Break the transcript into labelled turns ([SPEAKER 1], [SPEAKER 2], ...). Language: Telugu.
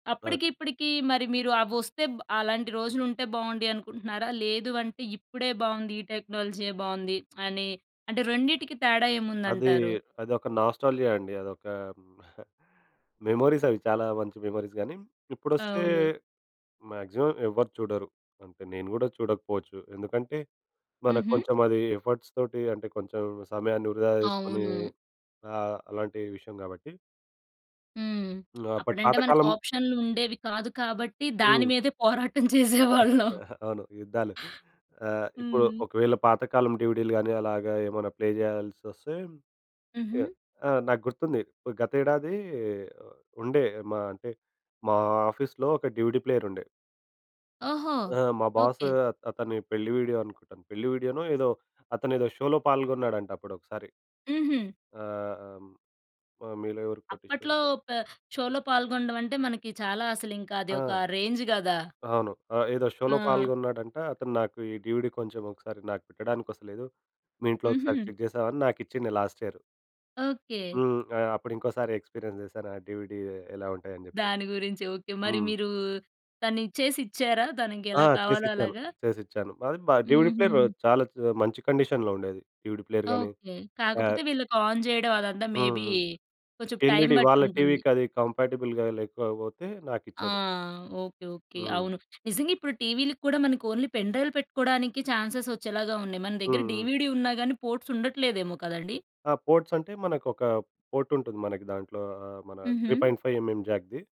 [SPEAKER 1] ఆట్
[SPEAKER 2] అప్పటికి ఇప్పటికి మరి మీరు అవొస్తే అలాంటి రోజులు ఉంటే బావుంది అనుకుంటున్నారా? లేదు అంటే ఇప్పుడే బావుంది ఈ టెక్నాలజీ ఏ బావుంది అని, అంటే రెండిటికి తేడా
[SPEAKER 1] అది
[SPEAKER 2] ఏముందంటారు?
[SPEAKER 1] అదొక నాస్టాల్జియా అండి. అదొక మెమోరీస్ అవి. చాలా మంచి మెమోరీస్ గాని, ఇప్పుడొస్తే
[SPEAKER 2] అవును.
[SPEAKER 1] మాక్సిమం ఎవ్వరు చూడరు అంటే నేను గూడా చూడకపోవచ్చు. ఎందుకంటే మనకు
[SPEAKER 2] హుహు.
[SPEAKER 1] కొంచెం అది ఎఫర్ట్స్ తోటి అంటే కొంచెం సమయాన్ని వృధా జేసుకుని
[SPEAKER 2] అవును.
[SPEAKER 1] ఆహ్, అలాంటి విషయం గాబట్టి.
[SPEAKER 2] హ్మ్.
[SPEAKER 1] హ్మ్ అపటి
[SPEAKER 2] అప్పుడంటే
[SPEAKER 1] పాత
[SPEAKER 2] మనకు
[SPEAKER 1] కాలం
[SPEAKER 2] ఆప్షన్‌లు ఉండేవి కాదు కాబట్టి దాని
[SPEAKER 1] హ్మ్.
[SPEAKER 2] మీదే పోరాటం చేసేవాళ్ళం.
[SPEAKER 1] అవును యుద్ధాలు. ఆహ్, ఇప్పుడు
[SPEAKER 2] హ్మ్.
[SPEAKER 1] ఒకవేళ పాతకాలం డీవీడీ‌లు గాని అలాగా ఏమైనా ప్లే జేయాల్సొస్తే ఇగ
[SPEAKER 2] హుహు.
[SPEAKER 1] ఆ నాకు గుర్తుంది. గత ఏడాది ఆహ్, ఉండే మా అంటే మా ఆఫీస్లో ఒక డీవీడీ ప్లేయర్ ఉండే.
[SPEAKER 2] ఓహో!
[SPEAKER 1] ఆ! మా బాస్
[SPEAKER 2] ఓకే.
[SPEAKER 1] అతని పెళ్లి వీడియో అనుకుంటాను. పెళ్లి వీడియో‌నో ఏదో అతనేదో షోలో పాల్గొన్నాడంట అప్పుడొకసారి.
[SPEAKER 2] హుహు.
[SPEAKER 1] ఆ! అమ్ ఆ 'మీలో ఎవరు
[SPEAKER 2] అప్పట్లో
[SPEAKER 1] కోటీశ్వరుడు.'
[SPEAKER 2] పె షోలో పాల్గొనడం అంటే మనకి చాలా అస‌లింక అది ఒక
[SPEAKER 1] ఆ!
[SPEAKER 2] రేంజ్ గదా!
[SPEAKER 1] అవును. ఆ ఏదో షోలో
[SPEAKER 2] ఆ!
[SPEAKER 1] పాల్గొన్నాడంట అతను నాకు ఈ డీవీడీ కొంచెం ఒకసారి నాకు పెట్టడానికి వస్తలేదు. మీ ఇంట్లో ఒకసారి
[SPEAKER 2] హుహు.
[SPEAKER 1] చెక్ జేస్తావా అని నాకిచ్చింది లాస్ట్ యియర్.
[SPEAKER 2] ఓకే.
[SPEAKER 1] హ్మ్. ఆ! అప్పుడు ఇంకోసారి ఎక్స్‌పీరియన్స్ జేశాను ఆ డీవీడీ ఎలా ఉంటాయి అని జెప్పి.
[SPEAKER 2] దాని గురించి ఓకే మరి
[SPEAKER 1] హ్మ్.
[SPEAKER 2] మీరు తనిచ్చేసి ఇచ్చారా? తనకి
[SPEAKER 1] ఆ!
[SPEAKER 2] ఎలా కావాలో
[SPEAKER 1] చేసిచ్చాను,
[SPEAKER 2] అలాగా?
[SPEAKER 1] చేసిచ్చాను. అది బ డీవీడీ ప్లేయర్
[SPEAKER 2] హుహు.
[SPEAKER 1] చాలా మంచి కండిషన్‌లో ఉండే అది. డీవీడీ ప్లేయర్ గాని.
[SPEAKER 2] ఓకే.
[SPEAKER 1] ఆహ్,
[SPEAKER 2] కాకపోతే వీళ్ళకి ఆన్ జేయడం అదంతా
[SPEAKER 1] హ్మ్,
[SPEAKER 2] మేబీ
[SPEAKER 1] హ్మ్.
[SPEAKER 2] కొంచెం టైం
[SPEAKER 1] ఎల్ఇడి వాళ్ళ
[SPEAKER 2] బట్టుంటుంది.
[SPEAKER 1] టీవీ‌కది కంపాటిబుల్‌గా లేకపోతే
[SPEAKER 2] ఆ!
[SPEAKER 1] నాకిచ్చాడు.
[SPEAKER 2] Okay, okay.
[SPEAKER 1] హ్మ్.
[SPEAKER 2] అవును నిజంగిప్పుడు టీవీలకూడా మనకొన్లీ పెన్ డ్రైవ్‌లు పెట్టుకోడానికి చాన్స్‌స్ వచ్చేలాగా ఉన్నాయి. మన
[SPEAKER 1] హ్మ్,
[SPEAKER 2] దగ్గర
[SPEAKER 1] హ్మ్.
[SPEAKER 2] డీవీడీ ఉన్నా గాని పోర్ట్స్ ఉండట్లేదేమో కదండీ.
[SPEAKER 1] ఆ! పోర్ట్స్ అంటే మనకొక పోర్ట్ ఉంటుంది మనకి దాంట్లో ఆ! మన త్రీ
[SPEAKER 2] హుహు.
[SPEAKER 1] Point five mm జాక్‌ది.